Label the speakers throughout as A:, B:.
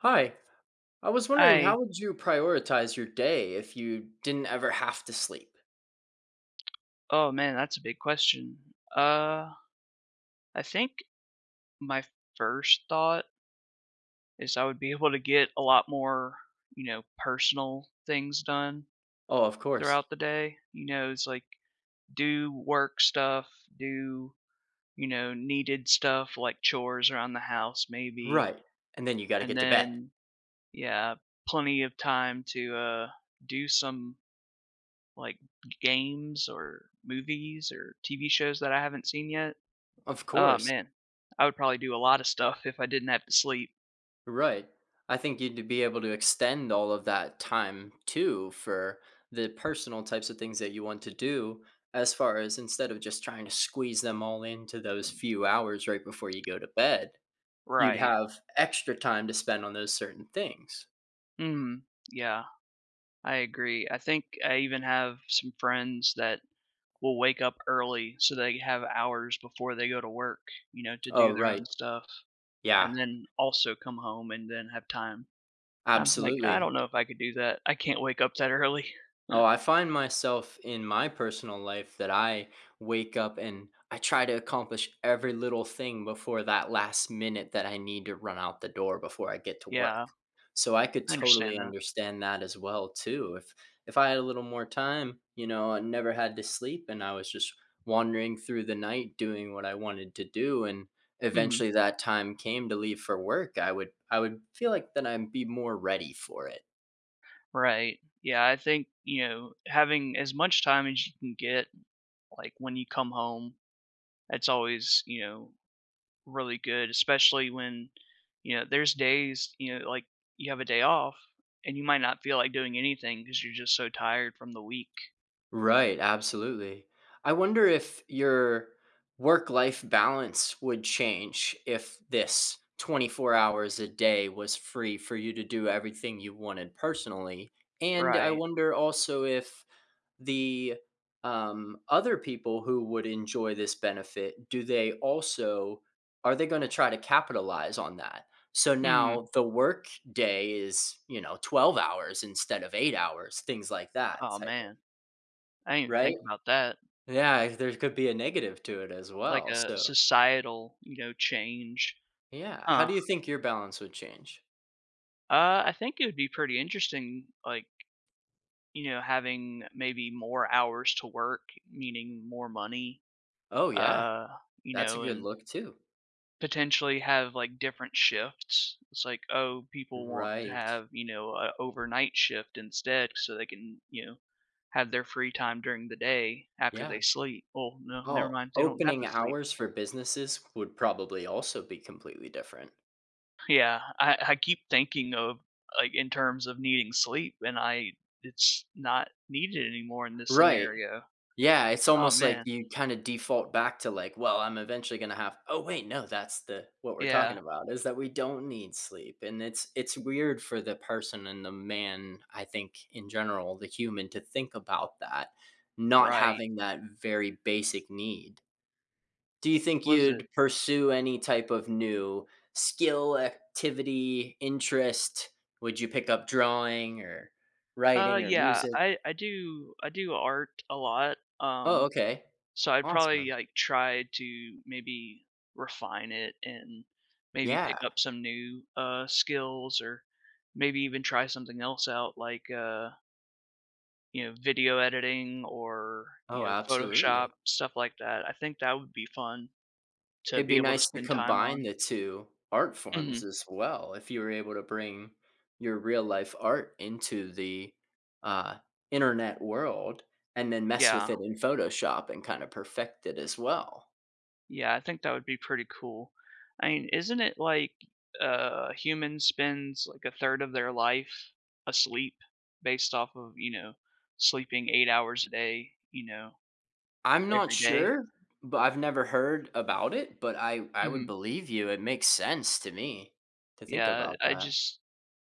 A: Hi, I was wondering
B: I
A: how would you prioritize your day if you didn't ever have to sleep?
B: Oh, man, that's a big question. Uh, I think, my first thought is I would be able to get a lot more, you know, personal things done
A: Oh, of course.
B: throughout the day, you know, it's, like, do work stuff, do, you know, needed stuff, like chores around the house maybe,
A: Right, and then you gotta
B: and
A: get to bed.
B: then, yeah, plenty of time to, uh, do some Like, g games, or movies, or TV shows that I haven't seen yet.
A: Of
B: Oh,
A: course.
B: man, I would probably do a lot of stuff if I didn't have to sleep.
A: Right, I think you'd to be able to extend all of that time, too, for the personal types of things that you want to do, as far as instead of just trying to squeeze them all into those few hours right before you go to bed, you'd
B: Right.
A: have extra time to spend on those certain things.
B: Mm, yeah, I agree, I think I even have some friends that will wake up early so they have hours before they go to work, you know, to
A: Oh,
B: do their own
A: right,
B: stuff,
A: yeah.
B: and then also come home, and then have time. I'm like, "I don't
A: Absolutely.
B: know if I could do that. I can't wake up that early."
A: Oh, I find myself, in my personal life, that I wake up and I try to accomplish every little thing before that last minute that I need to run out the door before I get to
B: Yeah,
A: work, so I could
B: I understand
A: totally
B: that.
A: understand that as well too. If if I had a little more time, you know, and never had to sleep, and I was just wandering through the night doing what I wanted to do, and
B: Mhm.
A: eventually that time came to leave for work, I would I would feel like that I'd be more ready for it.
B: Right. Yeah, I think, you know, having as much time as you can get, like, when you come home, it's always, you know, really good, especially when, you know, there's days you know, like, you have a day off, and you might not feel like doing anything 'cause you're just so tired from the week.
A: Right, absolutely, I wonder if your work-life balance would change if this 24 hours a day was free for you to do everything you wanted personally, and I
B: Right.
A: wonder also if the, um, other people who would enjoy this benefit, do they also are they gonna try to capitalize on that? So,
B: Hmm.
A: now the workday is, you know, 12 hours instead of 8 hours, things like that
B: Oh,
A: type of
B: man, I didn't
A: Right,
B: think about that.
A: yeah, there could be a negative to it as
B: Like
A: well,
B: a,
A: so
B: societal, you know, change.
A: Yeah. How
B: Huh?
A: do you think your balance would change?
B: Uh, I think it would be pretty interesting, like, you know, having maybe more hours to work, meaning more money,
A: Oh, yeah,
B: uh, you
A: that's a
B: know
A: good
B: and
A: look too.
B: potentially have, like, different shifts. It's like, oh, people want to
A: Right.
B: have, you know, a overnight shift instead so they can, you know, have their free time during the day after
A: Yeah.
B: they sleep. Oh, no never
A: Oh,
B: mind, they don't have
A: opening
B: to sleep.
A: hours for businesses would probably also be completely different.
B: Yeah. I I keep thinking of, like, in terms of needing sleep, and I it's not needed anymore in this
A: Right.
B: scenario.
A: Yeah, it's
B: Oh,
A: almost like
B: man.
A: you kinda default back to, like, "Well, I'm eventually gonna have oh, wait, no. That's the" what we're
B: Yeah.
A: talking about, is that we don't need sleep. And it's it's weird for the person and the man, I think, in general the human to think about that, not
B: Right.
A: having that very basic need. Do you think
B: Was it
A: you'd pursue any type of new skill, activity, interest? Would you pick up drawing, or
B: Uh,
A: writing, or
B: yeah.
A: music?
B: I I do I do art a lot,
A: Oh,
B: um,
A: okay.
B: so I'd probably,
A: Awesome.
B: like, try to maybe refine it and maybe
A: Yeah.
B: pick up some new, uh, skills or maybe even try something else out like, uh you know, video editing or, you
A: Oh,
B: know, Photoshop,
A: absolutely.
B: stuff like that. I think that would be fun to
A: It'd
B: be
A: be
B: able to
A: nice to
B: spend time
A: combine
B: on.
A: the 2 art forms,
B: Mhm.
A: as well, if you were able to bring your real-life art into the, uh, internet world and then mess with
B: Yeah.
A: it in Photoshop and kinda perfect it as well.
B: Yeah, I think that would be pretty cool. I mean, isn't it, like, uh, humans spends, like, 1/3 of their life asleep, based off of, you know, sleeping 8 hours a day, you know,
A: I'm not
B: every day?
A: sure, but I've never heard about it, but I I would
B: Mhm.
A: believe you. It makes sense to me, to think
B: Yeah,
A: about
B: I
A: that.
B: just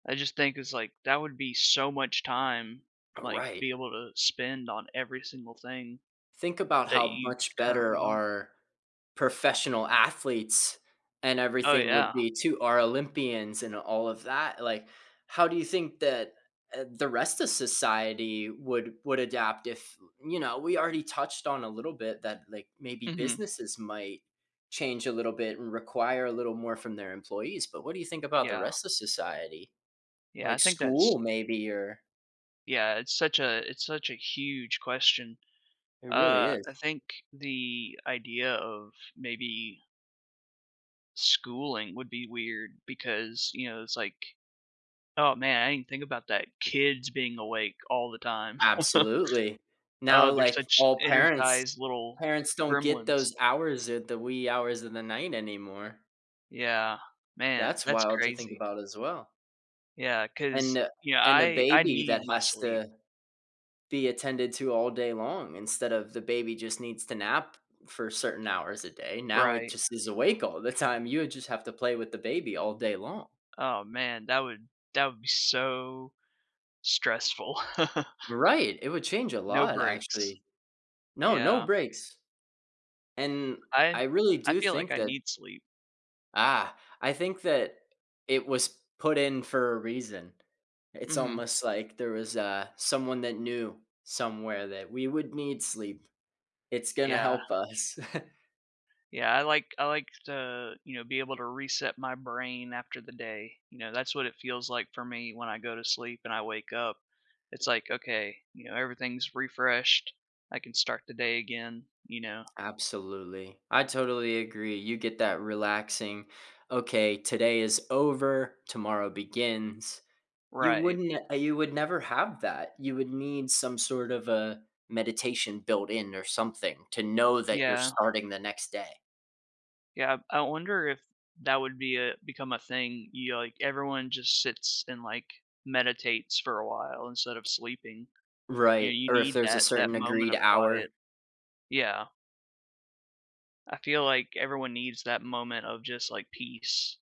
B: I just think it's like that would be, so much time,
A: Oh,
B: like, to
A: right.
B: be able to spend on every single thing
A: Think about
B: that
A: how
B: you
A: much better
B: currently don't.
A: our professional athletes and
B: Oh,
A: everything would
B: yeah.
A: be too our Olympians, and all of that, like, how do you think that, eh, the rest of society would would adapt if you know, we already touched on a little bit that, like, maybe
B: Mhm.
A: businesses might change a little bit, and require a little more from their employees, but what do you think about the
B: Yeah.
A: rest of society?
B: Yeah, I
A: Like,
B: think that's
A: school maybe or
B: Yeah, it's such a it's such a huge question,
A: It really
B: uh,
A: is.
B: I think the idea of maybe Schooling would be weird because, you know, it's like Oh, man, I didn't think about that, kids being awake all the time.
A: Absolutely, now,
B: Oh, they're
A: like,
B: such
A: all parents
B: energized little
A: parents don't get
B: gremlins.
A: those hours or the wee hours of the night anymore.
B: Yeah. Man,
A: That's
B: that's
A: wild to think
B: crazy.
A: about as well.
B: Yeah.
A: And
B: 'Cause,
A: a
B: you know,
A: and a
B: I I
A: baby that
B: need my
A: has
B: sleep.
A: to be attended to all day long instead of the baby just needs to nap for certain hours a day, now it
B: Right.
A: just is awake all the time. You would just have to play with the baby all day long.
B: Oh, man. That would that would be so stressful.
A: Right. It would change a
B: No
A: lot,
B: breaks.
A: actually. No, no
B: Yeah.
A: breaks. And
B: I
A: I really
B: I
A: do
B: feel like
A: think
B: I
A: that
B: need sleep.
A: Ah. I think that it was put in for a reason. It's
B: Mhm.
A: almost like there was, uh, someone that knew somewhere that we would need sleep. It's gonna
B: Yeah.
A: help us.
B: Yeah. I like I like to, you know, be able to reset my brain after the day. You know, that's what it feels like for me when I go to sleep and I wake up. It's like, okay, you know, everything's refreshed, I can start the day again, you know?
A: Absolutely. I totally agree. You get that relaxing "Okay, today is over. Tomorrow begins." You
B: Right.
A: wouldn't n uh, you would never have that. You would need some sort of a meditation built in or something to know that you're
B: Yeah.
A: starting the next day.
B: Yeah. I wonder if that would be a become a thing. You know, like, everyone just sits and, like, meditates for a while instead of sleeping. You know,
A: Right.
B: you
A: Or if
B: need
A: there's a
B: that that
A: certain
B: moment
A: agreed
B: of
A: hour.
B: quiet. Yeah. I feel like everyone needs that moment of just, like, peace,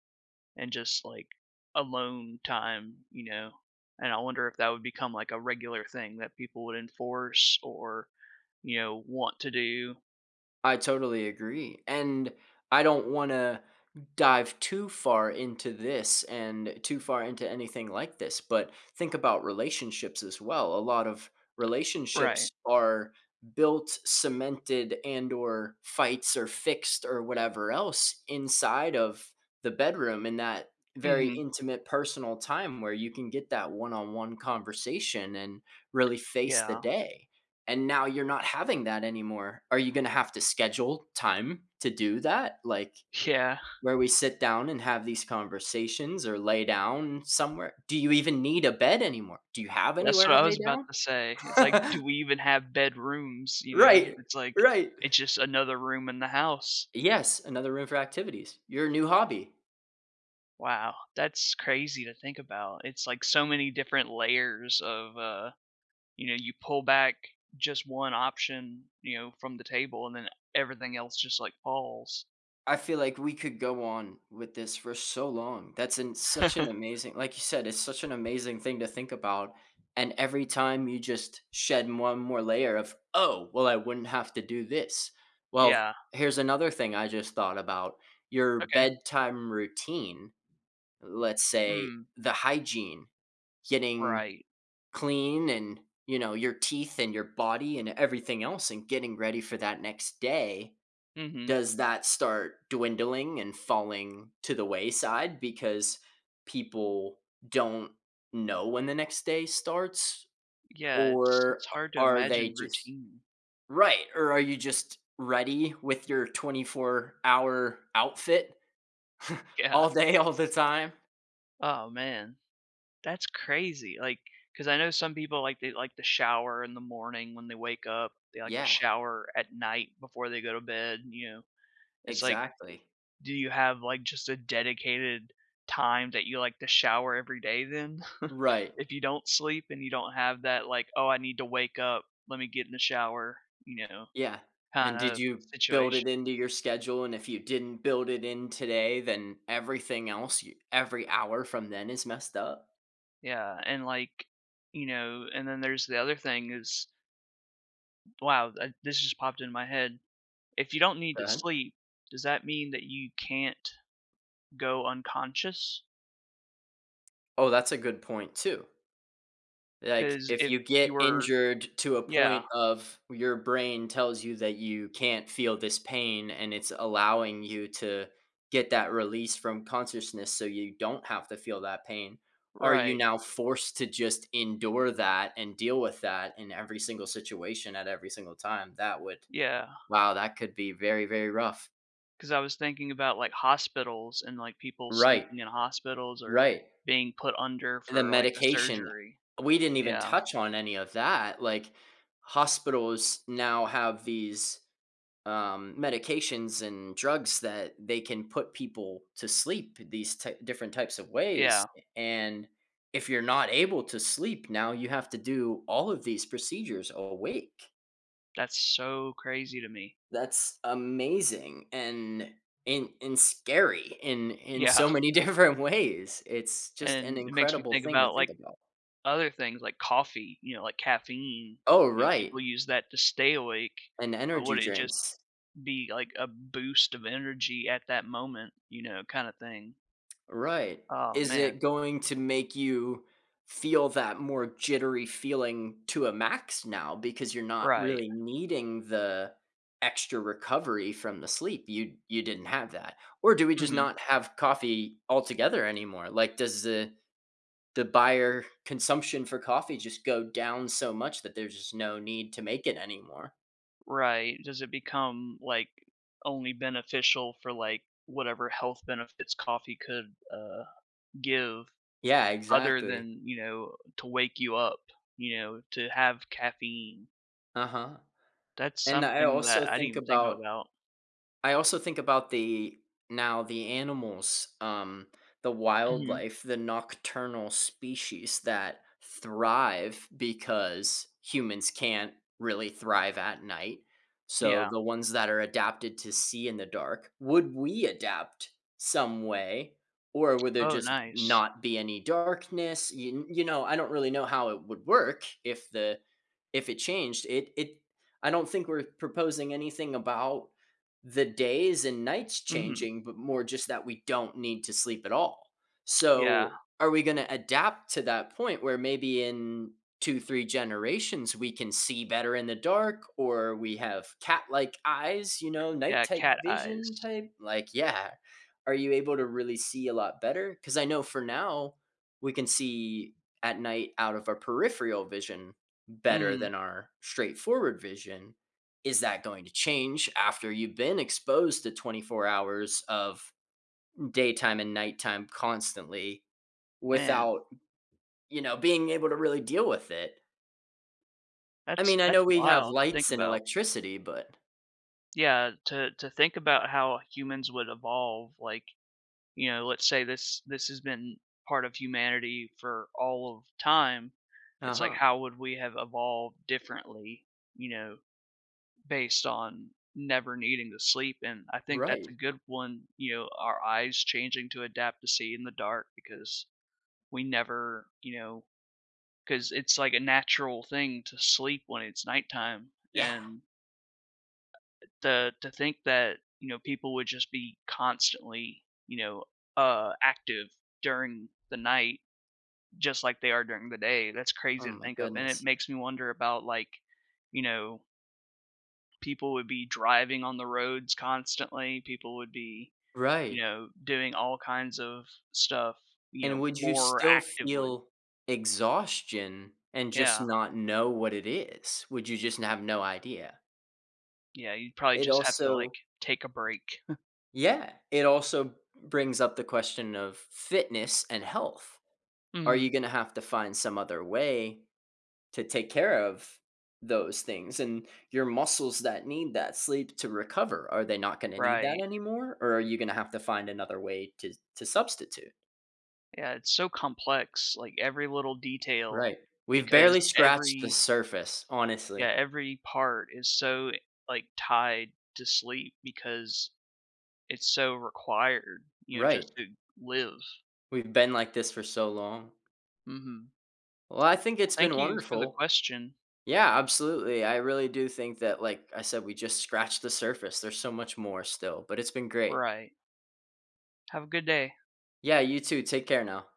B: and just, like, alone time, you know? And I wonder if that would become, like, a regular thing that people would enforce or, you know, want to do.
A: I totally agree, and I don't wanna dive too far into this and too far into anything like this but, think about relationships as well. A lot of relationships
B: Right.
A: are built, cemented, and/or fights or fixed or whatever else inside of the bedroom in that very
B: Mhm.
A: intimate personal time where you can get that one-on-one conversation and really face the
B: Yeah.
A: day, and now you're not having that anymore. Are you gonna have to schedule time to do that? Like,
B: Yeah.
A: where we sit down and have these conversations or lay down somewhere. Do you even need a bed anymore? Do you have
B: That's
A: anywhere
B: what
A: to
B: I was
A: lay
B: about to say. It's, like,
A: down?
B: do we even have bedrooms? You know?
A: Right.
B: It's like
A: Right.
B: it's, just another room in the house.
A: Yes. Another room for activities, your new hobby.
B: Wow. That's crazy to think about. It's like so many different layers of, uh, you know, you pull back just one option, you know, from the table, and then everything else just, like, falls.
A: I feel like we could go on with this for so long. That's an such an amazing like you said, it's such an amazing thing to think about, and every time you just shed one more layer of, "Oh! Well I wouldn't have to do this." Well,
B: Yeah.
A: here's another thing I just thought about: your
B: Okay.
A: bedtime routine. Let's say
B: Hmm.
A: the hygiene- getting
B: Right.
A: clean, and, you know, your teeth and your body and everything else, and getting ready for that next day-
B: Mhm.
A: does that start dwindling and falling to the wayside because people don't know when the next day starts,
B: Yeah. It's
A: or
B: it's
A: a
B: hard to
A: are they
B: imagine
A: just
B: routine.
A: Right, or are you just ready with your twenty-four-hour outfit
B: Yeah.
A: all day, all the time?
B: Oh, man. That's crazy. Like 'cause I know some people, like, they like to shower in the morning when they wake up; they like to
A: Yeah.
B: shower at night before they go to bed, you know? It's like, eh,
A: Exactly.
B: do you have, like, just a dedicated time that you like to shower every day then?
A: Right.
B: If you don't sleep and you don't have that, like, "Oh, I need to wake up. Let me get in the shower," you know,
A: Yeah. And did
B: kinda
A: you build it
B: situation
A: into your schedule, and if you didn't build it in today, then everything else y every hour from then is messed up?
B: Yeah. And, like, you know, and then there's the other thing is Wow. Uh, this just popped in my head. If you don't need
A: Go
B: to
A: ahead.
B: sleep, does that mean that you can't go unconscious?
A: Oh, that's a good point, too. Like,
B: 'Cause
A: if
B: if
A: you
B: you
A: get
B: were
A: injured to a
B: Yeah.
A: point of your brain tells you that you can't feel this pain, and it's allowing you to get that release from consciousness, so you don't have to feel that pain, are you
B: Right.
A: now forced to just endure that and deal with that in every single situation at every single time? That would
B: Yeah.
A: wow, that could be very, very rough.
B: 'Cause I was thinking about, like, hospitals and, like, people
A: Right.
B: sleeping in hospitals or
A: Right.
B: being put under
A: And the
B: for, like, a
A: medication.
B: surgery.
A: We didn't even
B: Yeah.
A: touch on any of that. Like, hospitals now have these, um, medications and drugs that they can put people to sleep th these ty different types of ways,
B: Yeah.
A: a and if you're not able to sleep, now you have to do all of these procedures awake.
B: That's so crazy to me.
A: That's amazing and and and scary in in
B: Yeah.
A: so many different ways. It's just an
B: And it makes me
A: incredible
B: think
A: thing to
B: about,
A: think
B: like,
A: about.
B: other things, like, coffee, you know, like, caffeine.
A: Oh,
B: You know,
A: right.
B: people use that to stay awake,
A: And
B: but would
A: energy
B: it just
A: drinks.
B: be, like, a boost of energy at that moment, you know, kinda thing.
A: Right.
B: Oh,
A: Is
B: man.
A: it going to make you feel that more jittery feeling to a max now, because you're not
B: Right.
A: really needing the extra recovery from the sleep- you you didn't have that- or do we just
B: Mhm.
A: not have coffee altogether anymore? Like, does the the buyer consumption for coffee just go down so much that there's just no need to make it anymore?
B: Right, does it become, like, only beneficial for, like, whatever health benefits coffee could, uh, give,
A: Yeah,
B: other
A: exactly.
B: than, you know, to wake you up, you know, to have caffeine.
A: Uh-huh,
B: That's
A: and I
B: something
A: also
B: that I didn't
A: think
B: even think
A: about
B: about.
A: I also think about the now the animals, um, the
B: Mhm.
A: wildlife, the nocturnal species that thrive because humans can't really thrive at night, so,
B: Yeah.
A: the ones that are adapted to see in the dark would we adapt some way, or would there
B: Oh
A: just
B: nice.
A: not be any darkness? Y you know, I don't really know how it would work if the if it changed. It it I don't think we're proposing anything about the days and nights
B: Mhm.
A: changing, but more just that we don't need to sleep at all.
B: Yeah.
A: So, are we gonna adapt to that point where maybe in 2, 3, generations, we can see better in the dark, or we have cat-like eyes, you know, night
B: Yeah,
A: type
B: cat
A: vision
B: eyes.
A: type? Like, yeah, are you able to really see a lot better? 'Cause I know for now, we can see at night out of our peripheral vision better
B: Mm.
A: than our straightforward vision, is that going to change after you've been exposed to 24 hours of m daytime and nighttime constantly,
B: Man.
A: without, you know, being able to really deal with it? I
B: That's
A: mean, I know
B: that's
A: we have
B: wild to think
A: lights and
B: about.
A: electricity, but
B: Yeah, to to think about how humans would evolve, like, you know, let's say this this has been part of humanity for all of time. It's like,
A: Uh-huh.
B: how would we have evolved differently, you know, based on never needing to sleep and I think that's
A: Right.
B: a good one, you know, our eyes changing to adapt to see in the dark because, we never you know, 'cause it's, like, a natural thing to sleep when it's nighttime,
A: Yeah.
B: and The to think that, you know, people would just be constantly, you know, uh, active during the night, just like they are during the day, that's
A: Oh
B: crazy to
A: my
B: think of, and it
A: goodness.
B: makes me wonder about, like, you know people would be driving on the roads constantly. People would be,
A: Right.
B: you know, doing all kinds of stuff, you
A: And
B: know,
A: would you
B: more
A: still
B: actively.
A: feel exhaustion, and just
B: Yeah.
A: not know what it is? Would you just have no idea?
B: Yeah, you'd probably
A: It
B: just have to, like,
A: also
B: take a break.
A: Yeah. It also br brings up the question of fitness and health. Are
B: Mhm.
A: you gonna have to find some other way to take care of those things, and your muscles that need that sleep to recover, are they not gonna need that
B: Right.
A: anymore, or are you gonna have to find another way to to substitute?
B: Yeah, it's so complex, like, every little detail,
A: Right, we've
B: because
A: barely scratched the
B: every
A: surface,
B: Yeah,
A: honestly.
B: every part is so, like, tied to sleep because it's so required, you know,
A: Right.
B: just to live.
A: We've been like this for so long.
B: Mhm.
A: Well, I think it's
B: Thank
A: been
B: you for the
A: wonderful,
B: question.
A: yeah, absolutely. I really do think that, like I said, we just scratched the surface, there's so much more still; but it's been great.
B: Right. Have a good day.
A: Yeah, you too, take care now.